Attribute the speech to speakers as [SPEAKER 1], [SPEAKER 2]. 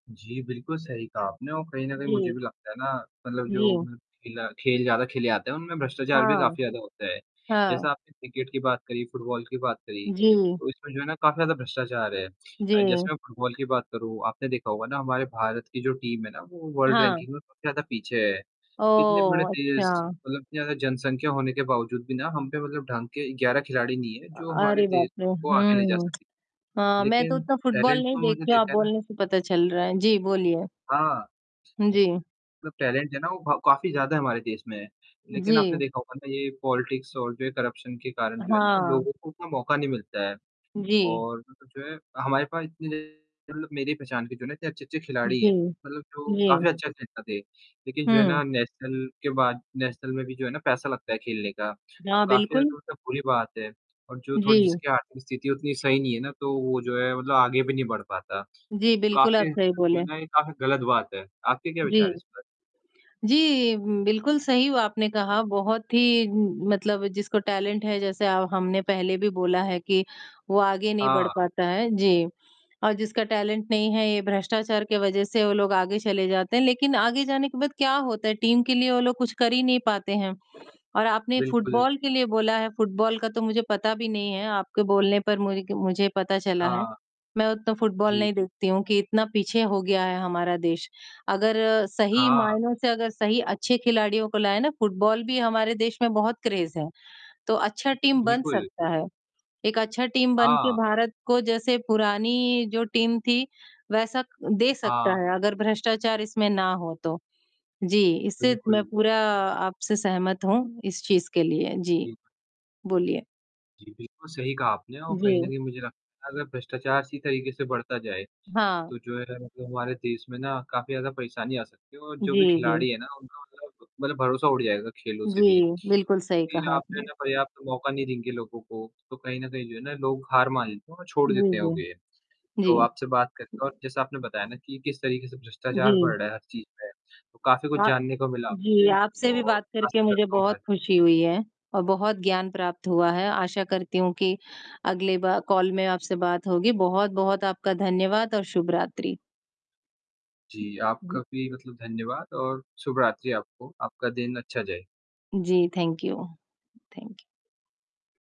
[SPEAKER 1] जी, बिल्कुल सही कहा आपने और कहीं न कहीं मुझे
[SPEAKER 2] जी।
[SPEAKER 1] भी लगता है ना मतलब जो
[SPEAKER 2] जी।
[SPEAKER 1] खेला खेल ज़्यादा खेले जाते हैं उनमें भ्रष्टाचार भी
[SPEAKER 2] हाँ।
[SPEAKER 1] काफ़ी ज़्यादा होता है।
[SPEAKER 2] हाँ।
[SPEAKER 1] जैसा आपने क्रिकेट की बात करी, फुटबॉल की बात करी,
[SPEAKER 2] जी।
[SPEAKER 1] तो इसमें जो है ना काफ़ी ज़्यादा भ्रष्टाचार है। जैसे
[SPEAKER 2] जी।
[SPEAKER 1] मैं फुटबॉल की बात करूँ, आपने देखा होगा ना हमारे भारत की जो टीम है ना वो वर्ल्ड
[SPEAKER 2] हाँ।
[SPEAKER 1] रैंकिंग में सबसे ज़्यादा पीछे है। इतने बड़े
[SPEAKER 2] ओह!
[SPEAKER 1] देश
[SPEAKER 2] अच्छा।
[SPEAKER 1] मतलब इतनी ज़्यादा जनसंख्या होने के बावजूद भी ना हम पे मतलब ढंग के 11 खिलाड़ी नहीं है,
[SPEAKER 2] अ,
[SPEAKER 1] जो हमारे
[SPEAKER 2] अरे बाप
[SPEAKER 1] देश
[SPEAKER 2] रे!
[SPEAKER 1] को आगे ले जा
[SPEAKER 2] हुँ।
[SPEAKER 1] सके।
[SPEAKER 2] हाँ, मैं तो
[SPEAKER 1] लेकिन
[SPEAKER 2] उतना फुटबॉल
[SPEAKER 1] टैलेंट
[SPEAKER 2] नहीं
[SPEAKER 1] तो मैंने
[SPEAKER 2] देखती हूँ। आप
[SPEAKER 1] देखा है ना
[SPEAKER 2] बोलने से पता चल रहा है। जी, बोलिए?
[SPEAKER 1] हाँ।
[SPEAKER 2] हुँ, जी।
[SPEAKER 1] मतलब टैलेंट है ना वो भ काफ़ी ज़्यादा हमारे देश में है। लेकिन आपने
[SPEAKER 2] जी।
[SPEAKER 1] देखा होगा ना ये पॉलिटिक्स और जो है करप्शन के कारण जो है ना
[SPEAKER 2] हाँ।
[SPEAKER 1] लोगों को उतना मौका नहीं मिलता है।
[SPEAKER 2] जी।
[SPEAKER 1] और जो है हमारे पास इतने मतलब मेरी पहचान के जो हैं ना इतने अच्छे-अच्छे खिलाड़ी हैं,
[SPEAKER 2] जी।
[SPEAKER 1] मतलब जो
[SPEAKER 2] जी।
[SPEAKER 1] काफ़ी अच्छा खेलता थे। लेकिन जो है
[SPEAKER 2] हुँ।
[SPEAKER 1] ना नेशनल के बाद नेशनल में भी जो है ना पैसा लगता है खेलने का, तो
[SPEAKER 2] हाँ,
[SPEAKER 1] काफ़ी
[SPEAKER 2] बिल्कुल।
[SPEAKER 1] ज़्यादा होता बुरी बात है और जो थोड़ी
[SPEAKER 2] जी।
[SPEAKER 1] जिसकी आर्थिक स्थिति उतनी सही नहीं है ना, तो वो जो है मतलब आगे भी नहीं बढ़ पाता।
[SPEAKER 2] जी, बिल्कुल आप
[SPEAKER 1] काफ़ी
[SPEAKER 2] सही
[SPEAKER 1] जो
[SPEAKER 2] बोले।
[SPEAKER 1] है ना, ये काफ़ी गलत बात है। आपके क्या विचार हैं
[SPEAKER 2] जी।
[SPEAKER 1] इस पर?
[SPEAKER 2] जी, बिल्कुल सही व आपने कहा। बहुत ही मतलब जिसको टैलेंट है, जैसे ह हमने पहले भी बोला है कि वो आगे नहीं बढ़
[SPEAKER 1] हाँ।
[SPEAKER 2] पाता है। जी और जिसका टैलेंट नहीं है, ये भ्रष्टाचार के वजह से वो लोग आगे चले जाते हैं। लेकिन आगे जाने के बाद क्या होता है? टीम के लिए वो लोग कुछ कर ही नहीं पाते हैं। और आपने
[SPEAKER 1] बिल्कुल।
[SPEAKER 2] फुटबॉल के लिए बोला है, फुटबॉल का तो मुझे पता भी नहीं है आपके बोलने पर मु मुझे पता चला है।
[SPEAKER 1] हाँ।
[SPEAKER 2] मैं उतना फुटबॉल
[SPEAKER 1] जी।
[SPEAKER 2] नहीं देखती हूँ कि इतना पीछे हो गया है हमारा देश। अगर सही
[SPEAKER 1] हाँ।
[SPEAKER 2] मायनों से अगर सही अच्छे खिलाड़ियों को लाएँ ना फुटबॉल भी हमारे देश में बहुत क्रेज़ है। तो अच्छा टीम बन
[SPEAKER 1] बिल्कुल।
[SPEAKER 2] सकता है। एक अच्छा टीम बन के
[SPEAKER 1] हाँ।
[SPEAKER 2] भारत को जैसे पुरानी जो टीम थी वैसा दे सकता
[SPEAKER 1] हाँ।
[SPEAKER 2] है, अगर भ्रष्टाचार इसमें ना हो तो। जी, इससे मैं
[SPEAKER 1] बिल्कुल।
[SPEAKER 2] पूरा आपसे सहमत हूँ इस चीज़ के लिए। जी,
[SPEAKER 1] बिल्क
[SPEAKER 2] बोलिए?
[SPEAKER 1] जी, बिल्कुल सही कहा आपने और कहीं न
[SPEAKER 2] जी।
[SPEAKER 1] कहीं मुझे लगता है अगर भ्रष्टाचार इसी तरीके से बढ़ता जाए,
[SPEAKER 2] हाँ।
[SPEAKER 1] तो जो है मतलब हमारे देश में ना काफ़ी ज़्यादा परेशानी आ सकती है। और जो
[SPEAKER 2] जी,
[SPEAKER 1] भी
[SPEAKER 2] जी।
[SPEAKER 1] खिलाड़ी है ना उनका मतलब मतलब भरोसा उठ जाएगा खेलों से भी।
[SPEAKER 2] जी, बिल्कुल सही
[SPEAKER 1] क्योंकि
[SPEAKER 2] कहा
[SPEAKER 1] आप जो है
[SPEAKER 2] आपने।
[SPEAKER 1] ना पर्याप्त मौका नहीं देंगे लोगों को तो कहीं न कहीं जो है ना लोग हार मान लेते हैं और छोड़
[SPEAKER 2] जी,
[SPEAKER 1] देते हैं वो
[SPEAKER 2] जी।
[SPEAKER 1] गे
[SPEAKER 2] जी।
[SPEAKER 1] तो आपसे बात करके और जैसा आपने बताया ना कि किस तरीके से भ्रष्टाचार
[SPEAKER 2] जी।
[SPEAKER 1] बढ़ रहा है हर चीज़ में। तो काफ़ी कुछ
[SPEAKER 2] आ
[SPEAKER 1] जानने को मिला
[SPEAKER 2] जी,
[SPEAKER 1] आपसे
[SPEAKER 2] आपसे भी
[SPEAKER 1] और
[SPEAKER 2] बात करके
[SPEAKER 1] आशा
[SPEAKER 2] मुझे
[SPEAKER 1] करता हूँ
[SPEAKER 2] बहुत
[SPEAKER 1] हमारी
[SPEAKER 2] ख़ुशी हुई है और बहुत ज्ञान प्राप्त हुआ है। आशा करती हूँ कि अगले बा कॉल में आपसे बात होगी। बहुत-बहुत आपका धन्यवाद और शुभ रात्रि।
[SPEAKER 1] जी, आपका
[SPEAKER 2] जी।
[SPEAKER 1] भी मतलब धन्यवाद और शुभ रात्रि आपको। आपका दिन अच्छा जाए।
[SPEAKER 2] जी, थैंक यू थैंक यू।